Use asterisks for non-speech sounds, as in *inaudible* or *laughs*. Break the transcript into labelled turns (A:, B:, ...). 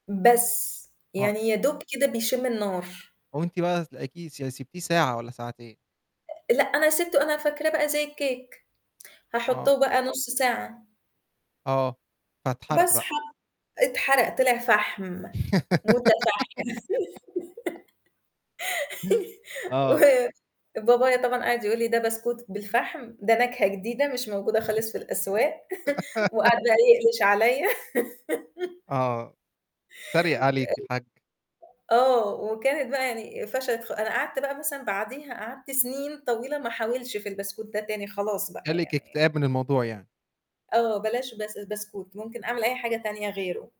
A: بس،
B: هو
A: يعني يا دوب كده بيشِمّ النار.
B: وأنتِ بقى تلاقيكِ س سِبتيه ساعة والَّا ساعتين.
A: لأ، أنا سِبتُه أنا فاكراه بقى زي الكيك،
B: آه.
A: هاحطُّه بقى نُصّ ساعة.
B: آه، فاتحرق
A: بس
B: بقى
A: حط اتحرق طِلِع فحم. متفحِّم
B: *giggles* آه.
A: *giggles* و بابايا طبعًا قَعَد يقول لي ده بسكوت بالفحم، ده نكهة جديدة مش موجودة
B: *chuckles*
A: خالص في الأسواق، *chuckles*
B: *laughs*
A: وقَعَد بقى يألِش عليَّ *giggles*
B: آه، اتريّق عليكِ الحاج.
A: آه، وكانت بقى يعني فَشَلت خ أنا قعدت بقى مثلًا بعديها قعدت سنين طويلة ما أحاولش في البسكوت ده تاني خلاص بقى
B: جَه لِك
A: يعني
B: اكتئاب من الموضوع يعني.
A: آه بلاش بس بسكوت، ممكن أعمل أي حاجة تانية غيرُه.